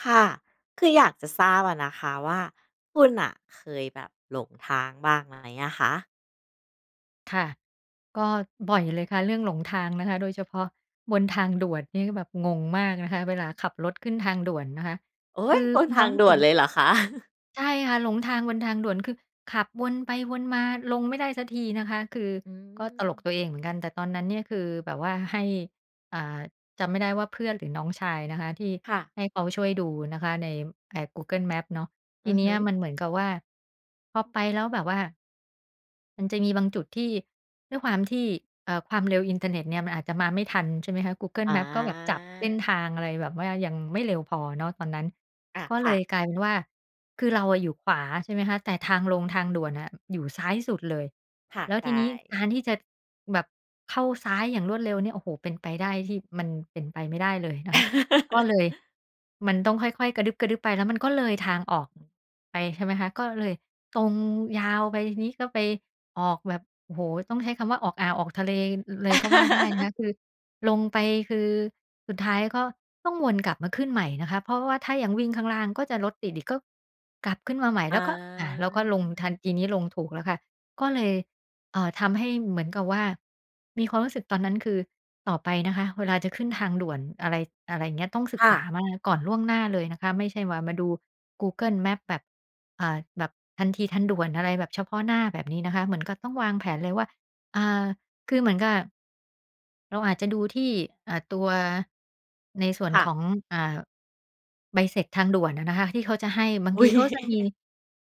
ค่ะ คืออยากจะทราบอะนะคะว่า คุณน่ะเคยแบบหลงทางบ้างไหมอะคะ? ค่ะ ก็บ่อยเลยค่ะเรื่องหลงทางนะคะ โดยเฉพาะบนทางด่วนนี่ก็แบบงงมากนะคะ เวลาขับรถขึ้นทางด่วนนะคะ โอค๊ือย! บนมีพควาามงรู้ด่สึวก นเลยเหรอคะ? ใช่ค่ะ หลงทางบนทางด่วน คือขับวนไปวนมาลงไม่ได้สักทีนะคะ คืออืก็ตลกม ตัวเองเหมือนกัน แต่ตอนนั้นเนี่ยคือแบบว่าให้ อ่า จำไม่ได้ว่าเพื่อนหรือน้องชายนะคะ ที่ค่ะ ให้เขาช่วยดูนะคะ ใน ใน Google Maps เนาะ ทอีือเนฮี้ึ ยมันเหมือนกับว่า พอไปแล้วแบบว่า มันจะมีบางจุดที่ ด้วยความที่ เอ่อ ความเร็วอินเทอร์เน็ตเนี่ยมันอาจจะมาไม่ทัน ใช่ไหมคะ Google อMaps ก็แบบจับเส้า นทางอะไรแบบว่ายังไม่เร็วพอเนาะตอนนั้น อะ ก็คเล่ยะ กลายเป็นว่า คือเราอะอยู่ขวา ใช่ไหมคะ แต่ทางลงทางด่วนน่ะอยู่ซ้ายสุดเลย ค่ะ แล้วใชทีนี้่ การที่จะแบบเข้าซ้ายอย่างรวดเร็วเนี่ย โฮ้โฮ เป็นไปได้ที่ มันเป็นไปไม่ได้เลยนะคะ ก็เลยมันต้องค่อย ๆ กระดึ๊บ ๆ ไปแล้วมันก็เลยทางออก อ ไป ใช่ไหมคะ ก็เลยตรงยาวไปทีนี้ก็ไปออกแบบ โอ้โฮ ต้องใช้คำว่าออกอ่าวออกทะเล ล เลยก็ว่าได้นะคะ คือลงไป คือสุดท้ายก็ต้องวนกลับมาขึ้นใหม่นะคะ เพราะว่าถ้าอย่างวิ่งข้างล่างก็จะรถติดอีก ก็กลับขึ้นมาใหม่อแล้า วก็ อ่า แล้วก็ลงทัน ทีนี้ลงถูกแล้วค่ะ ก็เลย เอ่อ ทำให้เหมือนกับว่า มีความรู้สึกตอนนั้น คือต่อไปนะคะเวลาจะขึ้นทางด่วน อะไร อะไรอย่างเงี้ย ต้องศึคก่ษาะ มาก่อนล่วงหน้าเลยนะคะ ไม่ใช่ว่ามาดู Google Maps แบบ อ่า แบบทันทีทันด่วนอะไรแบบเฉพาะหน้าแบบนี้นะคะ เหมือนกับต้องวางแผนเลยว่า อ่า คือเหมือนกับ เราอาจจะดูที่ อ่า ตัวในส่วนค่ขะ อง อ่า ใบเสร็จทางด่วนน่ะนะคะที่เขาจะให้ บางอุท๊ีย เขาจะมี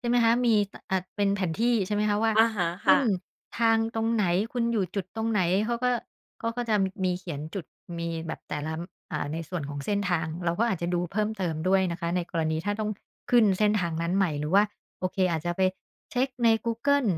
ใช่ไหมคะ มี ต อะ เป็นแผนที่ ใช่ไหมคะ ว่าอะฮะ ขคึ่้นะ ทางตรงไหน คุณอยู่จุดตรงไหน เขาก็ เขาก็จะมีเขียนจุดมีแบบแต่ละ อ อ่า ในส่วนของเส้นทาง เราก็อาจจะดูเพิ่มเติมด้วยนะคะ ในกรณีถ้าต้อง พ ขึ้นเส้นทางนั้นใหม่ หรือว่า โอเค อาจจะไปเช็คใน Google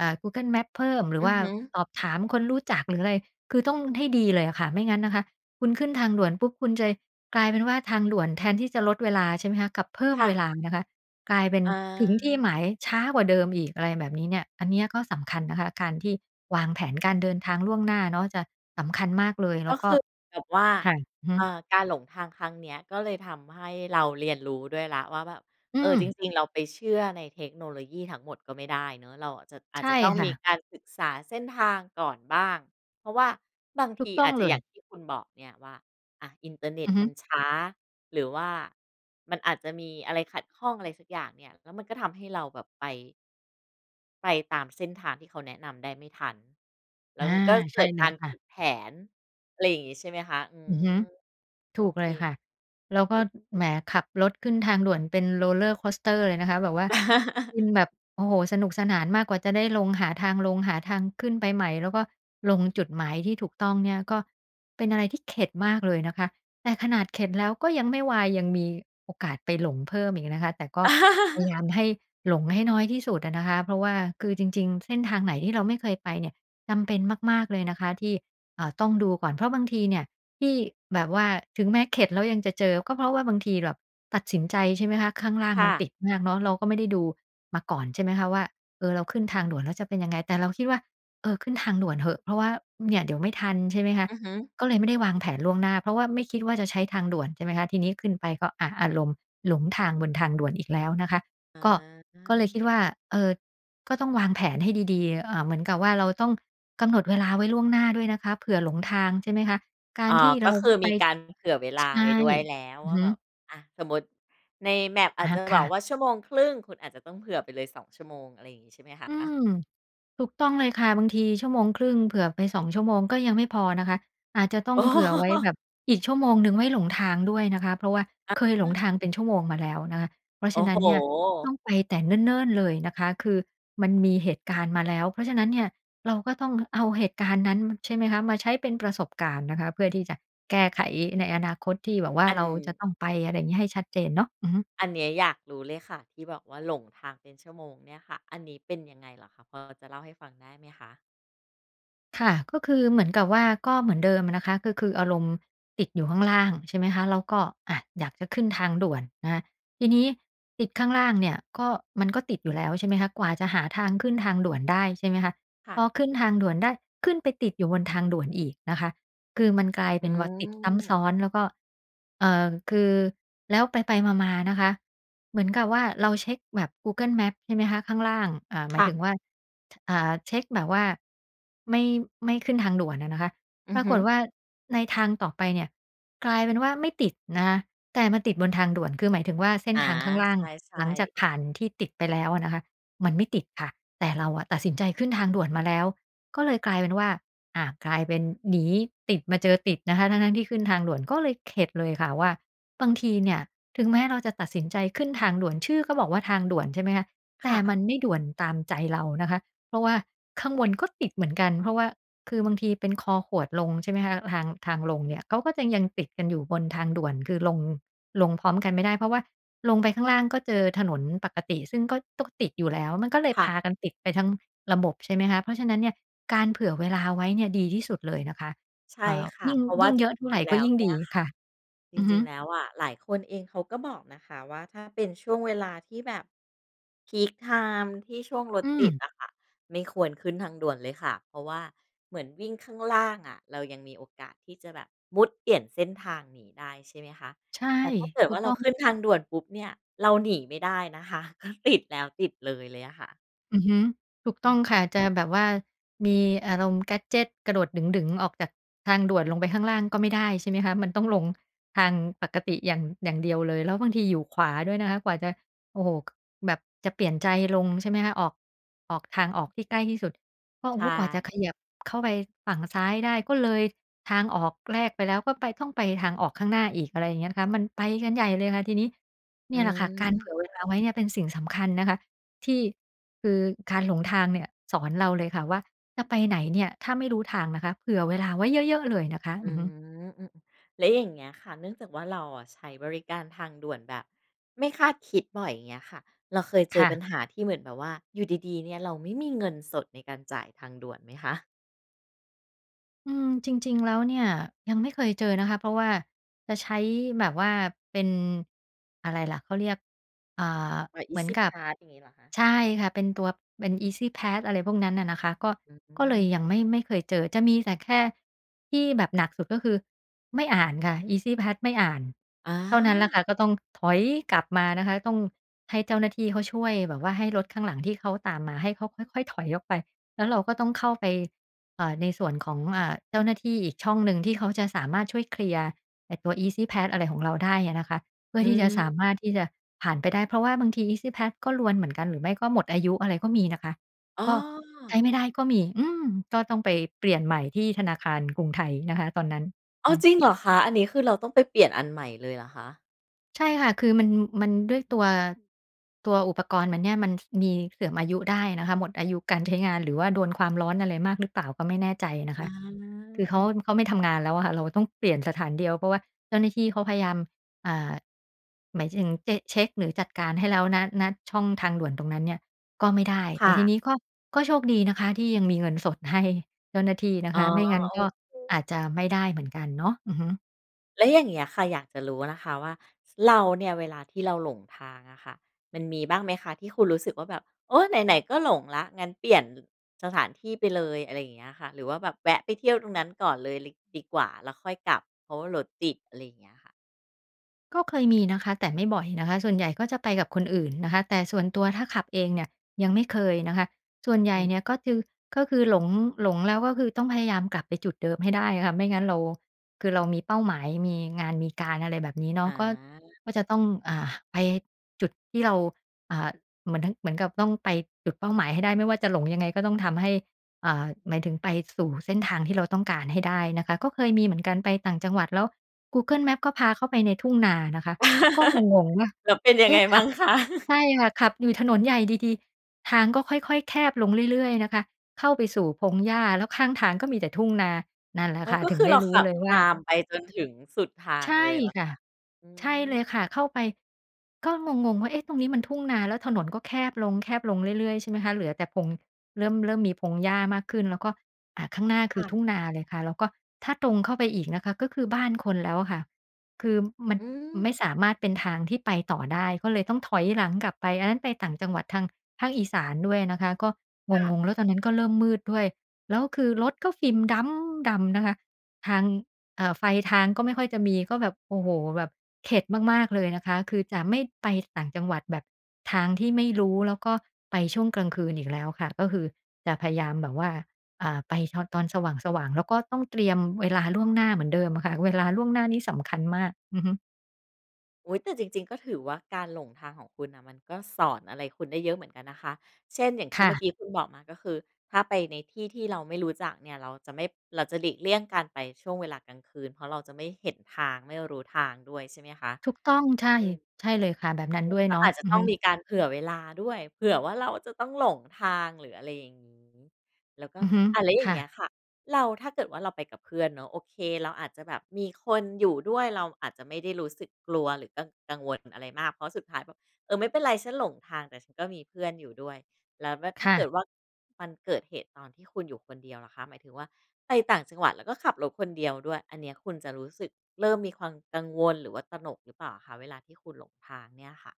อ่า Google Maps เพิ่ม หรืออืว่อาฮึ สอบถามคนรู้จักหรือ อะไร คือต้องให้ดีเลยอะค่ะ ไม่งั้นนะคะคุณขึ้นทางด่วนปุ๊บ คุณจะกลายเป็นว่าทางด่วนแทนที่จะลดเวลา ใช่ไหมคะ กับเพิ่มค่เะ วลาม นะคะ กลายเป็นอถึงที่า หมายช้ากว่าเดิมอีก อะไรแบบนี้เนี่ย อันเนี้ยก็สำคัญนะคะ การที่วางแผนการเดินทางล่วงหน้าเนาะจะสำคัญมากเลย แลก้็วกค็ ือแบบว่า ค่ะ อือฮเอ่ึ อ การหลงทางครั้งเนี้ยก็เลยทำให้เราเรียนรู้ด้วยแล้วว่าแบบ อืเออ จม ริง ๆ เราไปเชื่อในเทคโนโลยีทั้งหมดก็ไม่ได้เนาะ เราอาจจะ อาใชจ่จะต้องคม่ีะ การศึกษาเส้นทางก่อนบ้าง เพราะว่าบางถทูกีต้ออางจจเะ ลอย่ย างที่คุณบอกเนี่ยว่า อะ อินเทอร์เน็อตือฮมึ ันช้า หรือว่ามันอาจจะมีอะไรขัดข้องอะไรสักอย่างเนี่ย แล้วมันก็ทำให้เราแบบไป ไปตามเส้นทางที่เขาแนะนำได้ไม่ทัน แลอ้า วมันก็ใเชก่ิดเลกยารค่ผะ ิดแผน อะไรอย่างนี้ ใช่ไหมคะ? อือือม ฮึ โถอูกเเค ลยค่ะ แล้วก็ ล แหม ขับรถขึ้นทางด่วนเป็น Roller coaster เลยนะคะ แบบว่า คือแบบ โอ้โฮ สนุกสนานมากกว่าจะได้ลง หาทางลง หาทางขึ้นไปใหม่ แล้วก็ลงจุดหมายที่ถูกต้องเนี่ย ก็เป็นอะไรที่เข็ดมากเลยนะคะ แต่ขนาดเข็ดแล้วก็ยังไม่วาย ยังมีโอกาสไปหลงเพิ่มอีกนะคะ แต่ก็พยายามให้หลงให้น้อยที่สุดอะนะคะ เพราะว่าคือจริง ๆ เส้นทางไหนที่เราไม่เคยไปเนี่ย จำเป็นมาก ๆ เลยนะคะ ที่ เอ่อ ต้องดูก่อน เพราะบางทีเนี่ยที่แบบว่า ถึงแม้เข็ดแล้วยังจะเจอ ก็เพราะว่าบางทีแบบตัดสินใจ ใช่ไหมคะ ข้างล่างคม่ันะ ติดมากเนาะ เราก็ไม่ได้ดูมาก่อน ใช่ไหมคะว่า เออ เราขึ้นทางด่วนแล้วจะเป็นยังไง แต่เราคิดว่า เออ ขึ้นทางด่วนเหอะ เพราะว่าเนี่ยเดี๋ยวไม่ทัน ใช่ไหมคะ อือฮึ ก็เลยไม่ได้วางแผนล่วงหน้า เพราะว่าไม่คิดว่าจะใช้ทางด่วน ใช่ไหมคะ ทีนี้ขึ้นไปก็ อะ อารมณ์หลงทางบนทางด่วนอีกแล้วนะคะ อก็ ก็เลยคิดา ว่า เอ่อ ก็ต้องวางแผนให้ดี ๆ เอ่อ เหมือนกับว่าเราต้องกำหนดเวลาไว้ล่วงหน้าด้วยนะคะ เผื่อหลงทาง ใช่ไหมคะ กาอร๋อ ที่เกร็าคือไป มีการเผื่อเวลใชาไว่ ้ด้วยแล้ว อืวอ่าฮึ แบบ อะ สมมติใน Map ออาะจฮจะะ คบ่อกวะ ่าชั่วโมงครึ่ง คุณอาจจะต้องเผื่อไปเลย 2 ชั่วโมง อะไรอย่างงี้ ใช่ไหมคอืะ? ม ถูกต้องเลยค่ะ บางทีชั่วโมงครึ่ง เผื่อไป 2 ชั่วโมงก็ยังไม่พอนะคะ อาจจะต้ออง๋เผื่อไว้แบอ บอีกชั่วโมงหนึ่งไว้หลงทางด้วยนะคะ เพราะว่าอะเคยหฮลงะ ทางเป็นชั่วโมงมาแล้วนะคะ เพราะโฉอ้ะนัโ้นเนี่ย ต้ฮ องไปแต่เนิ่น ๆ เลยนะคะ คือมันมีเหตุการณ์มาแล้ว เพราะฉะนั้นเนี่ย เราก็ต้องเอาเหตุการณ์นั้น ใช่ไหมคะ มาใช้เป็นประสบการณ์นะคะ เพื่อที่จะแก้ไขในอนาคตที่แบบว่าอัเน ราจะต้องไป อะไรอย่างงี้ ให้ชัดเจนเนาะ อือฮึ อันนี้อยากรู้เลยค่ะ ที่บอกว่าหลงทางเป็นชั่วโมงเนี่ยค่ะ อันนี้เป็นยังไงเหรอคะ? พอจะเล่าให้ฟังได้ไหมคะ? ค่ะ ก็คือเหมือนกับว่า ก็เหมือนเดิมอะนะคะ ก็คืออารมณ์ติดอยู่ข้างล่าง ใช่ไหมคะ? แล้วก็ อะ อยากจะขึ้นทางด่วนนะคะ ทีนี้ติดข้างล่างเนี่ย ก็ มันก็ติดอยู่แล้ว ใช่ไหมคะ? กว่าจะหาทางขึ้นทางด่วนได้ ใช่ไหมคะ ค่พะ อขึ้นทางด่วนได้ ขึ้นไปติดอยู่บนทางด่วนอีกนะคะ คือมันกลายอเืป็นว่า ติดซ้ำซ้อม น แล้วก็ เอ่อ คือ แล้วไป ๆ มา ๆ นะคะ เหมือนกับว่าเราเช็คแบบ Google Maps ใช่ไหมคะ ข้างล่าง อ่า หคมา่ยถึะ งว่า อ่า เช็คแบบว่าไม่ ไม่ขึ้นทางด่วนอะนะคะ อืปอราฮกึ ฏว่าในทางต่อไปเนี่ย กลายเป็นว่าไม่ติดนะคะ แต่มันติดบนทางด่วน คือหมายถึงว่าเส้นอ๋อ ทางข้างล่าใง ช่ หลังจากๆ ผ่านที่ติดไปแล้วอะนะคะ มันไม่ติดค่ะ แต่เราอะตัดสินใจขึ้นทางด่วนมาแล้ว ก็เลยกลายเป็นว่า อะ กลายเป็นหนีติดมาเจอติดนะคะ ทั้ง ๆ ที่ขึ้นทางด่วน ก็เลยเข็ดเลยค่ะว่า บางทีเนี่ยถึงแม้เราจะตัดสินใจขึ้นทางด่วน ชื่อก็บอกว่าทางด่วน ใช่ไหมคะ แคต่่มะ ันไม่ด่วนตามใจเรานะคะ เพราะว่าข้างบนก็ติดเหมือนกัน เพราะว่า คือบางทีเป็นคอขวดลง ใช่ไหมคะ ทาง ทางลงเนี่ย เขาก็จะยังติดกันอยู่บนทางด่วน คือลง ลงพร้อมกันไม่ได้ เพราะว่าลงไปข้างล่างก็เจอถนนปกติ ซึ่งก็ต้องติดอยู่แล้ว มันก็เลยคพ่ะ ากันติดไปทั้งระบบ ใช่ไหมคะ เพราะฉะนั้นเนี่ย การเผื่อเวลาไว้เนี่ยดีที่สุดเลยนะคะ ใชเอ่่อ ค่ะ ยิ่ง เพราะว่ยิา่งจเรยอะเท่าิไรง ๆ แลก็้วยิ่งเนีด่ียคค่ะ ่ะ จอือฮริึ ง ๆ แล้วอะ หลายคนเองเขาก็บอกนะคะว่า ถ้าเป็นช่วงเวลาที่แบบ พีกไทม์ ที่ช่วงรถอืติดม อะค่ะ ไม่ควรขึ้นทางด่วนเลยค่ะ เพราะว่าเหมือนวิ่งข้างล่างอะ เรายังมีโอกาสที่จะแบบมุดเปลี่ยนเส้นทางหนีได้ ใช่ไหมคะ ใช่ แต่ถ้าเกิดถูว่ากเรตา้อขง ึ้นทางด่วนปุ๊บเนี่ย เราหนีไม่ได้นะคะ ก็ติด แล้วติดเลยเลยอะค่ะ อือฮึ ถูกอตื้อม งค่ะ จะแบบว่ามีอารมณ์ แกดเจต กระโดดดึ๋ง ๆ ออกจากทางด่วนลงไปข้างล่างก็ไม่ได้ ใช่ไหมคะ มันต้องลงทางปกติอย่าง อย่างเดียวเลย แล้วบางทีอยู่ขวาด้วยนะคะ กว่าจะ โอ้โฮ แบบจะเปลี่ยนใจลง ใช่ไหมคะ ออก ออกทางออกที่ใกล้ที่สุดก็ โใชอ้โฮ กว่าจะขย่ ับเข้าไปฝั่งซ้ายได้ก็เลยทางออกแรกไปแล้ว ก็ไป ต้องไปทางออกข้างหน้าอีก อะไรอย่างเงี้ยนะคะ มันไปกันใหญ่เลยค่ะทีนี้ นอืี่แหละค่ะการเผืม ่อเวลาไว้เนี่ยเป็นสิ่งสำคัญนะคะ ที่ คือ การหลงทางเนี่ยสอนเราเลยค่ะว่า จะไปไหนเนี่ยถ้าไม่รู้ทางนะคะ เผื่อเวลาไว้เยอะ ๆ เลยนะคะ อือือม ฮึ อืม ๆ แล้วอย่างเงี้ยค่ะ เนื่องจากว่า เราอะใช้บริการทางด่วนแบบไม่คาดคิดบ่อย อย่างเงี้ยค่ะ เราเคยเจคอ่ปะ ัญหาที่เหมือนแบบว่าอยู่ดี ๆ เนี่ย เราไม่มีเงินสดในการจ่ายทางด่วนไหมคะ? อืม จริง ๆ แล้วเนี่ยยังไม่เคยเจอนะคะ เพราะว่าจะใช้แบบว่าเป็น อะไรล่ะ เขาเรียก อ่า ใบ เหมือนEasy กับ Pass อย่างงี้เหรอคะ? ใช่ค่ะ เป็นตัว เป็น Easy Pass อะไรพวกนั้นน่ะนะคะ ก็ อืก็เลยม ยังไม่ ไม่เคยเจอ จะมีแต่แค่ที่แบบหนักสุด ก็คือไม่อ่านค่ะ Easy Pass ไม่อ่าน อเท่านั้นล่ะา ค่ะ ก็ต้องถอยกลับมานะคะ ต้องให้เจ้าหน้าที่เขาช่วยแบบว่าให้รถข้างหลังที่เขาตามมา ให้เขาค่อย ๆ ถอยออกไป แล้วเราก็ต้องเข้าไป เอ่อ ในส่วนของ อ่า เจ้าหน้าที่อีกช่องหนึ่ง ที่เขาจะสามารถช่วยเคลียร์ไอตัว Easy Pass อะไรของเราได้อะนะคะ เพื่ออทืี่จะสามม ารถที่จะผ่านไปได้ เพราะว่าบางที Easy Pass ก็รวนเหมือนกัน หรือไม่ก็หมดอายุอะไรก็มีนะคะ อ้กอ ็ใช้ไม่ได้ก็มี อืม ก็ต้องไปเปลี่ยนใหม่ที่ธนาคารกรุงไทยนะคะ ตอนนั้น อ้ฮาึ ว จริงเหรอคะ? อันนี้คือเราต้องไปเปลี่ยนอันใหม่เลยหรอคะ? ใช่ค่ะ คือมัน มันด้วยตัว ตัวอุปกรณ์มันเนี่ย มัน ส มีเสื่อมอายุได้นะคะ หมดอายุการใช้งาน หรือว่าโดนความร้อนอะไรมากหรือเปล่าก็ไม่แน่ใจนะอคะ า คือเเขอา อ เขาไม่ทำงานแล้วอะค่ะ เราต้องเปลี่ยนสถานเดียว เพราะว่าเจ้าหน้าที่เขาพยายาม อ่า หมายถึง เจะ เช็กหรือจัดการให้แล้ว ณ ณ ช่องทางด่วนตรงนั้นเนี่ย ก็ไม่ได้ คแต่่ทะ ีนี้ก็ ก็โชคดีนะคะที่ยังมีเงินสดให้เจ้าหน้าที่นะอ๋คอ ะ ไมโ่งั้อนก็เอาค จจะไม่ได้เหมือนกันเนาะ อือฮึ แล้วอย่างเงี้ยค่ะ อยากจะรู้นะคะว่า เราเนี่ยเวลาที่เราหลงทางอะค่ะ มันมีบ้างไหมคะ ที่คุณรู้สึกว่าแบบ โอ้ ไหน ๆ ก็หลงแล้ว งั้นเปลี่ยน ล สถานที่ไปเลย อะไรอย่างเงี้ยค่ะ? หรือว่าแบบแวะไปเที่ยวตรงนั้นก่อนเลย ล ดีกว่า แล้วค่อยกลับ เพราะว่ารถติด อะไรอย่างเงี้ยค่ะ ก็เคยมีนะคะ แต่ไม่บ่อยนะคะ ส่วนใหญ่ก็จะไปกับคนอื่นนะคะ แต่ส่วนตัวถ้าขับเองเนี่ย ยังไม่เคยนะคะ ส่วนใหญอ่ืม เนี่ยก็คือ ก็คือ หลง หลงแล้วก็คือ ต้องพยายามกลับไปจุดเดิมให้ได้อะค่ะ ไม่งั้นเรา คือเรามีเป้าหมาย มีงานมีการ อะไรแบบนี้เนาอะ ก็ า ก็จะต้อง อ่า ไปจุดที่เรา อ่า เหมือนทั้ง เหมือนกับต้องไปจุดเป้าหมายให้ได้ ไม่ว่าจะหลงยังไงก็ต้องทำให้ อ่า หมายถึงไปสู่เส้นทางที่เราต้องการให้ได้นะคะ ก็เคยมีเหมือนกันไปต่างจังหวัด แล้ว Google Maps ก็พาเข้าไปในทุ่งนานะคะ ก็งง ๆ ว่า แล้วเป็นยัเองไ๊ง ะ! มขัั่บ งคะ? ใช่ค่ะ ขับอยู่ถนนใหญ่ดี ๆ ทางก็ค่อย ๆ แคบลงเรื่อย ๆ นะคะ เข้าไปสู่พงหญ้า แล้วข้างทางก็มีแต่ทุ่งนา นั่นแหละอ๋อ ค่ะ ก็ถึคงือไดเ้รารขู้ับเลยตว่าา มไปจนถึงสุดทาใงชเล่ยเหรอคค่ะ ะ? อืใช่เลม ยค่ะ เข้าไป ก็งง ๆ ว่า เอ๊ะ! ตรงนี้มันทุ่งนา แล้วถนนก็แคบลง ๆ เรื่อย ๆ ใช่ไหมคะ เหลือแต่พง เริ่ม เริ่มมีพงหญ้ามากขึ้น แล้วก็ อ่า ข้างหน้าคคื่อ ะ ทุ่งนาเลยค่ะ แล้วก็ถ้าตรงเข้าไปอีกนะคะ ก็คือบ้านคนแล้วอะค่ะ คือมันอืม ไม่สามารถเป็นทางที่ไปต่อได้ ก็เลยต้องถอยหลังกลับไป อันนั้นไปต่างจังหวัดทางภาคอีสานด้วยนะคะ ก็ค่ะ งง ๆ แล้วตอนนั้นก็เริ่มมืดด้วย แล้วคือรถก็ฟิล์มด๊ำดำนะคะ ทาง เอ่อ ไฟทางก็ไม่ค่อยจะมี ก็แบบ โอ้โฮ แบบเข็ดมาก ๆ เลยนะคะ คือจะไม่ไปต่างจังหวัดแบบทางที่ไม่รู้ แล้วก็ไปช่วงกลางคืนอีกแล้วค่ะ ก็คือจะพยายามแบบว่า อ่า ไปชอน ตอนสว่าง ๆ แล้วก็ต้องเตรียมเวลาล่วงหน้าเหมือนเดิมอะค่ะ เวลาล่วงหน้านี่สำคัญมาก อือฮึ อุ๊ย! แต่จริง ๆ ก็ถือว่า การหลงทางของคุณน่ะ มันก็สอนอะไรคุณได้เยอะเหมือนกันนะคะ เช่น อย่างคที่่เมื่อะ กี้คุณบอกมา ก็คือถ้าไปในที่ที่เราไม่รู้จักเนี่ย เราจะไม่ เราจะหลีกเลี่ยงการไปช่วงเวลากลางคืน เพราะเราจะไม่เห็นทาง ไม่รู้ทางด้วยใช่ไหมคะ? ถูกต้อง ใช่ อืม ใช่เลยค่ะ แบบนั้นอืด้ม วยก็เนาะ อาจจะอือต้ฮองมึ ีการเผื่อเวลาด้วย เผื่อว่าเราจะต้องหลงทาง หรืออะไรอย่างงี้ แล้วก็ อือฮึ อะ แล้วอยค่า่งเงี้ะ ยค่ะ เรา ถ้าเกิดว่าเราไปกับเพื่อนเนาะ โอเค เราอาจจะแบบมีคนอยู่ด้วย เราอาจจะไม่ได้รู้สึกกลัว หรือกัง กังวลอะไรมาก เพราะสุดท้ายแบบ เออ ไม่เป็นไรฉันหลงทาง แต่ฉันก็มีเพื่อนอยู่ด้วย แล้วแว่ ถค้า่เกะ ิดว่า มันเกิดเหตุตอนที่คุณอยู่คนเดียวล่ะคะ หมายถึงว่า ไปต่างจังหวัด แล้วก็ขับรถคนเดียวด้วย อันเนี้ย คุณจะรู้สึกเริ่มมีความกังวล หรือว่าตระหนกหรือเปล่าคะ? เวลาที่คุณหลงทางเนี่ยค่ะ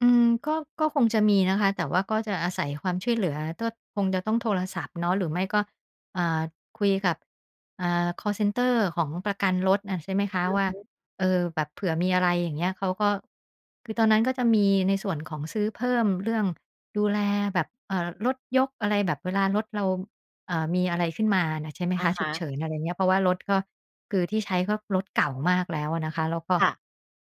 อืม ก็ ก็คงจะมีนะคะ แต่ว่าก็จะอาศัยความช่วยเหลือ ก็คงจะต้องโทรศัพท์เนาะ หรือไม่ก็ อ่า คุยกับ อ่า คอลเซนเตอร์ของประกันรถน่ะ ใช่ไหมคะอือว่ฮา ึ เออ แบบเผื่อมีอะไร อย่างเงี้ย เขาก็ คือตอนนั้นก็จะมีในส่วนของซื้อเพิ่มเรื่องดูแลแบบ เอ่อ รถยกอะไรแบบเวลารถเรา เอ่อ มีอะไรขึ้นมาน่ะ ใช่ไหมอคะะ ฮฉุกะ เฉิน อะไรเงี้ย เพราะว่ารถก็ คือที่ใช้ก็รถเก่ามากแล้วอะนะคะ แล้วก็ ค่ะ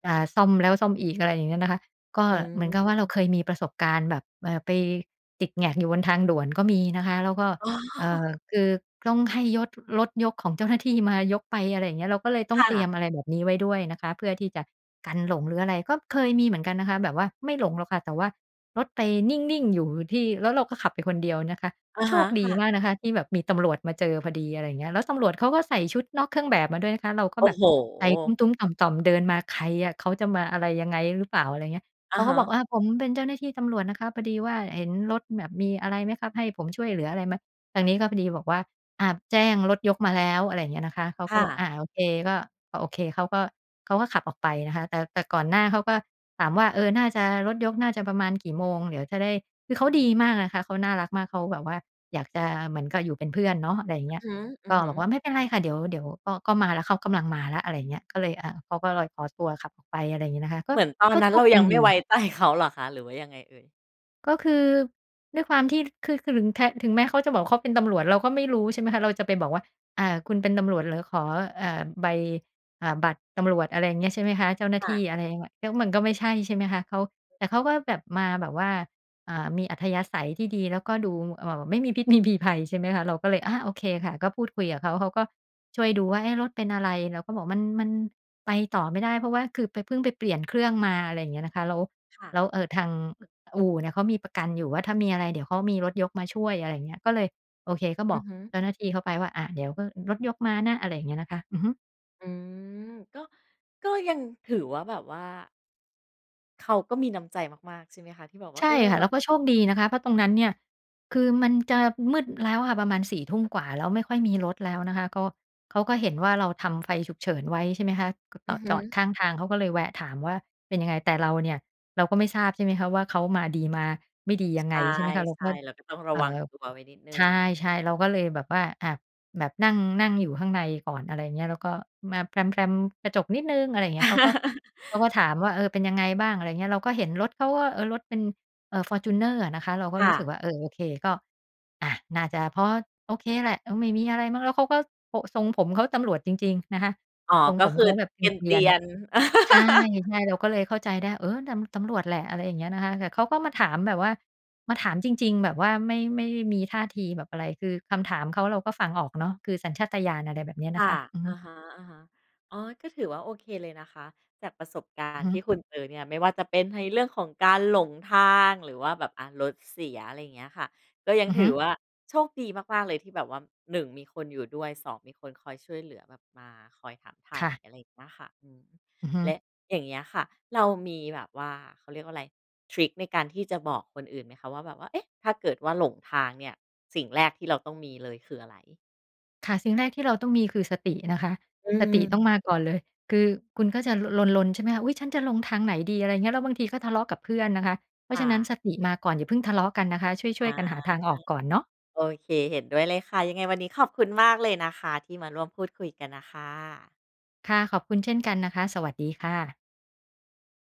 อ่า ซ่อมแล้วซ่อมอีก อะไรอย่างเงี้ยนะคะ ก็อืม เหมือนกับว่าเอราึ เคยมีประสบการณ์แบบ เอ่อ ไปติดแหง็กอยู่บนทางด่วนก็มีนะคะ แล้วก็ อ๋เอ่อ อ คือต้องให้ยด รถยกของ เจ้าหน้าที่ มายกไป อะไรอย่างเงี้ย เราก็เลยต้อคง่เตรีะ ยมอะไรแบบนี้ไว้ด้วยนะคะ เพื่อที่จะกันหลงหรืออะไร ก็เคยมีเหมือนกันนะคะ แบบว่าไม่หลงหรอกค่ะ แต่ว่ารถไปนิ่ง ๆ อยู่ที่ แล้วเขาก็ขับไปคนเดียวนะคะ อะโชฮะ คดคี่ะ มากนะคะที่แบบมีตำรวจมาเจอพอดี อะไรอย่างเงี้ย แล้วตำรวจเขาก็ใส่ชุดนอกเครื่องแบบมาด้วยนะคะ เราก็โอ้แบบโใจตุฮ! ้ม ๆ ต่อม ๆ เดินมา ใครอะ เขาจะมาอะไรยังไงหรือเปล่า อะไรเงี้ย อเขะาฮก็บอก ะ "ผมเป็นเจ้าหน้าที่ตำรวจนะครับ พอดีว่าเห็นรถแบบมีอะไรไหมครับ? ให้ผมช่วยเหลืออะไรไหม?" ทางนี้ก็พอดีบอกว่า "อ่า แจ้งรถยกมาแล้ว" อะไรอย่างเงี้ยนะคะ เขาคก็่บอก ะ "อา โอเค" ก็ ก็โอเค เขาก็ เขาก็ขับออกไปนะคะ แต่ แต่ก่อนหน้าเขาก็ถามว่า "เออ น่าจะ รถยกน่าจะประมาณกี่โมง? เดี๋ยวจะได้" คือเขาดีมากอะคะ เขาน่ารักมาก เขาแบบว่าอยากจะเหมือนกับอยู่เป็นเพื่อนเนาะ อะไรอย่างเงี้ย อืก็อฮึ บอกๆ ว่า "ไม่เป็นไรค่ะ เดี๋ยว เดี๋ยวก็ ก็มาแล้ว เขากำลังมาแล้ว" อะไรอย่างเงี้ย ก็เลย อ่า เขาก็ลอยขอตัวขับออกไป อะไรอย่างงี้นะคะ ก็ เหมือนตอนก็นัโ้ชนเรคายยัังงไมด่ไว้ี ใจ เขา เหรอคะ หรือว่ายังไงเอ่ย? ก็คือด้วยความที่ คือ คือหลึงแทะ ถึงแม้เขาจะบอกว่า "เขาเป็นตำรวจ" เราก็ไม่รู้ ใช่ไหมคะ เราจะไปบอกว่า "อ่า คุณเป็นตำรวจเหรอ? ขอ เอ่อ ใบ อ่า บัตรตำรวจ" อะไรอย่างเงี้ย ใช่ไหมคะ เจ้าหน้คา่ที่ะ อะไรเงี้ย แล้วมันก็ไม่ใช่ ใช่ไหมคะ เขา แต่เขาก็แบบมาแบบว่า อ่า มีอัธยาศัยที่ดี แล้วก็ดู เอ่อ ไม่มีพิษไม่มีภัย ใช่ไหมคะ เราก็เลย อา โอเคค่ะ ก็พูดคุยกับเขา เขาก็ช่วยดูว่า "เอ๊ะ! รถเป็นอะไร?" เราก็บอก "มัน มันไปต่อไม่ได้ เพราะว่าคือไป เพิ่งไปเปลี่ยนเครื่องมา" อะไรอย่างเงี้ยนะคะ แล้ว ค่ะ แล้ว เอ่อ ทางอู่เนี่ย เขามีประกันอยู่ว่า ถ้ามีอะไรเดี๋ยวเขามีรถยกมาช่วย อะไรอย่างเงี้ย ก็เลย โอเค ก็อบืออกฮึ เจ้าหน้าที่เขาไปว่า "อะ เดี๋ยวก็รถยกมานะ" อะไรอย่างเงี้ยนะคะ อือฮึ อืม ก็ ก็ยังถือว่า แบบว่า เขาก็มีน้ำใจมาก ๆ ใช่ไหมคะ ที่แบบว่ใา ชเอ่อ ค่แะ บแล้บววก่็า โชคดีนะคะ เพราะตรงนั้นเนี่ย คือมันจะมืดแล้วอะค่ะ ประมาณ 4 ทุ่มกว่า แล้ว ไม่ค่อยมีรถแล้วนะคะ ก็เขาก็เห็นว่า เราทำไฟฉุกเฉินไว้ ใช่ไหมคะ ก็จอืออด ฮจึ อดข้างทาง เขาก็เลยแวะถามว่า "เป็นยังไง?" แต่เราเนี่ย เราก็ไม่ทราบ ใช่ไหมคะว่า เขามาดีมาไม่ดียใังชไง ใช่ไหมคะ เราก่ ็ ๆ เราก็ต้องรเะอว่ังอ ตัวไว้นิดหนึ่ใชง ่ ๆ เราก็เลยแบบว่า อ่า แบบนั่ง นั่งอยู่ข้างในก่อน อะไรอย่างเงี้ย แล้วก็มาแพลม ๆ กระจกนิดหนึ่ง อะไรอย่างเงี้ย เขาก็ เขาก็ถามว่า "เออ เป็นยังไงบ้าง?" อะไรอย่างเงี้ย เราก็เห็นรถเขาว่า เอ่อ รถเป็น เอ่อ ฟอร์จูเนอร์อะนะคะ เราก็ค่รู้สึะ กว่า "เออ โอเค ก็ อ่า น่าจะพอโอเคแหละ อืม ไม่มีอะไรมั้ง" แล้วเขาก็ โอ๊ะ ทรงผมเขาตำรวจจริง ๆ นะคะ อ๋อ ทรงก็ผมคืเอขาแบบเกเกรีรยีน ยน ๆ ๆ ใช่ ๆ เราก็เลยเข้าใจได้ "เออ ตำ ตำรวจแหละ" อะไรอย่างเงี้ยนะคะ แต่เขาก็มาถามแบบว่า มาถามจริง ๆ แบบว่าไม่ ไม่มีท่าทีแบบอะไร คือคำถามเขาเราก็ฟังออกเนาะ คือสัญชาตญาณ อะไรแบบนี้นคะค่ะ ะ อือฮอึ ะฮะ ๆ อ๋อ ก็ถือว่า โอเค เลยนะคะ จากประสบกาอรือณฮ์ทีึ ่คุณเจอเนี่ย ไม่ว่าจะเป็นในเรื่องของการหลงทาง หรือว่าแบบ อะ รถเสีย อะไรอย่างเงี้ยค่ะ ก็ยังอือถฮืึ อว่าโชคดีมาก ๆ เลยที่แบบว่า 1 มีคนอยู่ด้วย 2 มีคนคอยช่วยเหลือ แบบมาคอยถามไถ่ ค่ะ อะไรเงี้ยค่ะ อืม อือฮึ และอย่างเงี้ยค่ะ เรามีแบบว่า เขาเรียกว่าอะไร ทริคในการที่จะบอกคนอื่นไหมคะ ว่าแบบว่า เอ๊ะ! ถ้าเกิดว่าหลงทางเนี่ย สิ่งแรกที่เราต้องมีเลยคืออะไร? ค่ะ สิ่งแรกที่เราต้องมีคือสตินะคะ อืสติต้องม มาก่อนเลย คือคุณก็จะ ล ลน ๆ ใช่ไหมคะ "อุ๊ย! ฉันจะลงทางไหนดี?" อะไรอย่างเงี้ย แล้วบางทีก็ทะเลาะกับเพื่อนนะคะ เพราคะฉ่ะนั้นะ สติมาก่อน อย่าเพิ่งทะเลาะกันนะคะ ชอ่วย า ๆ กันหาทางออกก่อนเนาะ โอเค เห็นด้วยเลยค่ะ ยังไงวันนี้ขอบคุณมากเลยนะคะ ที่มาร่วมพูดคุยกันอะค่ะ ค่ะ ขอบคุณเช่นกันนะคะ สวัสดีค่ะ